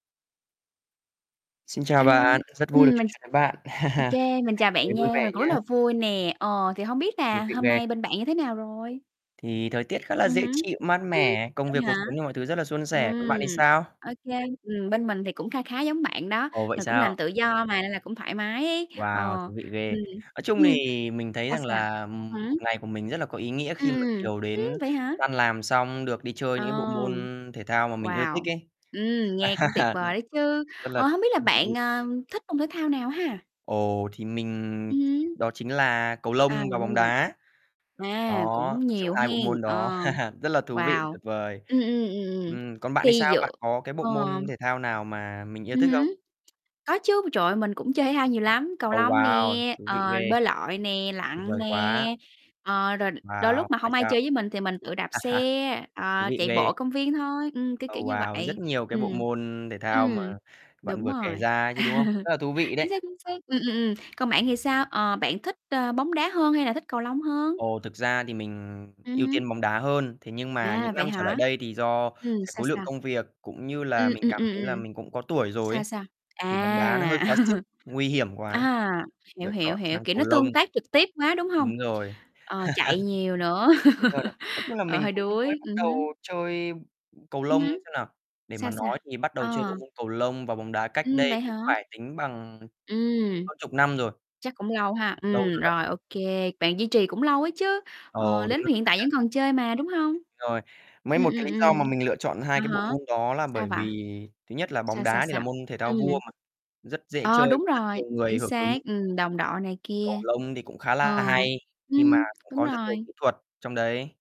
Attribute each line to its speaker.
Speaker 1: Xin chào
Speaker 2: A lô,
Speaker 1: bạn, rất vui được
Speaker 2: ừm,
Speaker 1: trò
Speaker 2: mình ch
Speaker 1: chuyện với bạn,
Speaker 2: ô kê, mình
Speaker 1: ngày
Speaker 2: chào bạn
Speaker 1: mới vui
Speaker 2: nha, mình
Speaker 1: vẻ
Speaker 2: cũng
Speaker 1: nhá.
Speaker 2: rất là vui nè, ờ, thì hông biết
Speaker 1: Thú
Speaker 2: là
Speaker 1: vị
Speaker 2: hôm
Speaker 1: ghê.
Speaker 2: nay bên bạn như thế nào rồi?
Speaker 1: Thì thời tiết khá
Speaker 2: Ừ
Speaker 1: là dễ
Speaker 2: hứm.
Speaker 1: chịu, mát
Speaker 2: Ưm,
Speaker 1: mẻ, công
Speaker 2: vậy
Speaker 1: việc, cuộc
Speaker 2: hả?
Speaker 1: sống cũng như mọi thứ rất là suôn sẻ, còn
Speaker 2: Ừm,
Speaker 1: bạn thì sao?
Speaker 2: ô kê, ừm, bên mình thì cũng kha khá giống bạn đó,
Speaker 1: Ồ, vậy
Speaker 2: rồi cũng làm
Speaker 1: sao?
Speaker 2: tự do mà nên là cũng thoải mái ấy,
Speaker 1: Wow,
Speaker 2: ờ,
Speaker 1: thú vị ghê.
Speaker 2: ừm,
Speaker 1: Nói chung
Speaker 2: ưm,
Speaker 1: thì mình thấy
Speaker 2: sao,
Speaker 1: rằng
Speaker 2: sao?
Speaker 1: là,
Speaker 2: Thật
Speaker 1: ừm,
Speaker 2: hả?
Speaker 1: 1 ngày của mình rất là có ý nghĩa
Speaker 2: Ừm,
Speaker 1: khi mà
Speaker 2: ừm,
Speaker 1: chiều
Speaker 2: ưm,
Speaker 1: đến
Speaker 2: vậy hả?
Speaker 1: tan làm xong được đi chơi những cái bộ môn
Speaker 2: Ừm.
Speaker 1: thể thao mà mình ưa thích
Speaker 2: Wow!
Speaker 1: ấy.
Speaker 2: Ừm, nghe cũng tuyệt
Speaker 1: Đ
Speaker 2: vời đấy chứ,
Speaker 1: rất là
Speaker 2: ờ, hông biết là
Speaker 1: rất là
Speaker 2: bạn,
Speaker 1: vui.
Speaker 2: ờ, thích môn thể thao nào ha?
Speaker 1: Ồ, thì mình
Speaker 2: Ừ hứ.
Speaker 1: đó chính là cầu lông
Speaker 2: À, rồi
Speaker 1: và bóng
Speaker 2: môn gì?
Speaker 1: đá. Đó,
Speaker 2: À, cũng
Speaker 1: nói chung
Speaker 2: nhiều
Speaker 1: hai bộ
Speaker 2: hén,
Speaker 1: môn đó
Speaker 2: ờ,
Speaker 1: rất là thú vị và
Speaker 2: wow,
Speaker 1: tuyệt vời.
Speaker 2: Ừm, ừm, ừm, ừm,
Speaker 1: Ừm, còn bạn thì
Speaker 2: thi
Speaker 1: sao? Bạn
Speaker 2: dựa
Speaker 1: có cái bộ môn
Speaker 2: ờm
Speaker 1: thể thao nào mà mình yêu
Speaker 2: Ừ
Speaker 1: thích không?
Speaker 2: hứ, có chứ, trời ơi, mình cũng chơi thể thao nhiều lắm, cầu
Speaker 1: Ồ,
Speaker 2: lông nè,
Speaker 1: wow, thú vị
Speaker 2: ờ,
Speaker 1: ghê.
Speaker 2: bơi lội nè,
Speaker 1: Tuyệt
Speaker 2: lặn
Speaker 1: vời quá.
Speaker 2: nè, ờ, rồi đ đôi
Speaker 1: Wow,
Speaker 2: lúc mà
Speaker 1: vậy
Speaker 2: hông ai
Speaker 1: sao?
Speaker 2: chơi với mình thì mình tự đạp
Speaker 1: A ha.
Speaker 2: xe,
Speaker 1: Thú
Speaker 2: ờ,
Speaker 1: vị
Speaker 2: chạy
Speaker 1: ghê.
Speaker 2: bộ công viên thôi, ừm, cái
Speaker 1: Ô,
Speaker 2: kiểu như
Speaker 1: wow, rất
Speaker 2: vậy.
Speaker 1: nhiều cái bộ
Speaker 2: Ừm,
Speaker 1: môn thể thao mà
Speaker 2: ừm,
Speaker 1: bạn
Speaker 2: đúng
Speaker 1: vừa kể
Speaker 2: rồi.
Speaker 1: ra chứ, đúng không? Rất là thú vị
Speaker 2: Chính
Speaker 1: đấy.
Speaker 2: xác, chính xác, ừm, ừm, ừm, còn bạn thì sao? Ờ, bạn thích, ơ, bóng đá hơn hay là thích cầu lông hơn?
Speaker 1: Ồ, thực ra thì mình
Speaker 2: Ừ
Speaker 1: ưu
Speaker 2: hứ.
Speaker 1: tiên bóng đá hơn, thế nhưng mà
Speaker 2: À,
Speaker 1: những
Speaker 2: vậy
Speaker 1: năm trở lại
Speaker 2: hả?
Speaker 1: đây thì do
Speaker 2: Ừm,
Speaker 1: cái
Speaker 2: sao,
Speaker 1: khối lượng
Speaker 2: sao?
Speaker 1: công việc cũng như
Speaker 2: Ừm,
Speaker 1: là mình
Speaker 2: ừm,
Speaker 1: cảm
Speaker 2: ừm,
Speaker 1: thấy là
Speaker 2: ừm.
Speaker 1: mình cũng có tuổi rồi
Speaker 2: Sao,
Speaker 1: ấy
Speaker 2: sao?
Speaker 1: thì bóng đá nó hơi
Speaker 2: À.
Speaker 1: quá sức, nguy hiểm quá,
Speaker 2: À, hiểu,
Speaker 1: lựa
Speaker 2: hiểu,
Speaker 1: chọn
Speaker 2: hiểu,
Speaker 1: sang
Speaker 2: kiểu,
Speaker 1: cầu
Speaker 2: nó
Speaker 1: lông.
Speaker 2: tương tác trực tiếp quá, đúng hông?
Speaker 1: Đúng rồi.
Speaker 2: Ờ, chạy nhiều nữa.
Speaker 1: [unintelligible] Cũng là
Speaker 2: Ờ,
Speaker 1: mình
Speaker 2: hơi
Speaker 1: cũng mới
Speaker 2: đuối,
Speaker 1: bắt
Speaker 2: ừm
Speaker 1: đầu
Speaker 2: hứm.
Speaker 1: chơi cầu
Speaker 2: Ừ
Speaker 1: lông
Speaker 2: hứ.
Speaker 1: xem nào, để mà
Speaker 2: Sao, sao?
Speaker 1: nói thì bắt đầu chơi
Speaker 2: Ờ.
Speaker 1: bộ môn cầu lông và bóng đá cách
Speaker 2: Ừm,
Speaker 1: đây
Speaker 2: vậy hả?
Speaker 1: cũng phải tính bằng, ừm,
Speaker 2: Ừm.
Speaker 1: hơn chục năm rồi.
Speaker 2: Chắc cũng lâu ha,
Speaker 1: Lâu
Speaker 2: ừm,
Speaker 1: rồi đó.
Speaker 2: rồi ô kê, bạn duy trì cũng lâu á chứ, ờ,
Speaker 1: Ồ, đúng
Speaker 2: đến
Speaker 1: rồi.
Speaker 2: hiện tại vẫn còn chơi mà, đúng hông?
Speaker 1: Rồi, mấy
Speaker 2: Ừm,
Speaker 1: một cái
Speaker 2: ừm,
Speaker 1: lý do
Speaker 2: ừm.
Speaker 1: mà mình lựa chọn hai
Speaker 2: À
Speaker 1: cái bộ
Speaker 2: há,
Speaker 1: môn đó là
Speaker 2: sao
Speaker 1: bởi
Speaker 2: vậy?
Speaker 1: vì thứ nhất là bóng
Speaker 2: Sao, sao,
Speaker 1: đá thì là
Speaker 2: sao?
Speaker 1: môn thể thao
Speaker 2: Ừm.
Speaker 1: vua mà, rất dễ chơi
Speaker 2: Ờ, đúng
Speaker 1: và rất
Speaker 2: rồi,
Speaker 1: nhiều
Speaker 2: chính
Speaker 1: người hưởng ứng.
Speaker 2: xác, ừm, đồng đội này kia.
Speaker 1: Cầu lông thì cũng khá
Speaker 2: Ờ,
Speaker 1: là hay khi
Speaker 2: ưm,
Speaker 1: mà cũng
Speaker 2: đúng
Speaker 1: có rất nhiều kỹ
Speaker 2: rồi.
Speaker 1: thuật trong đấy.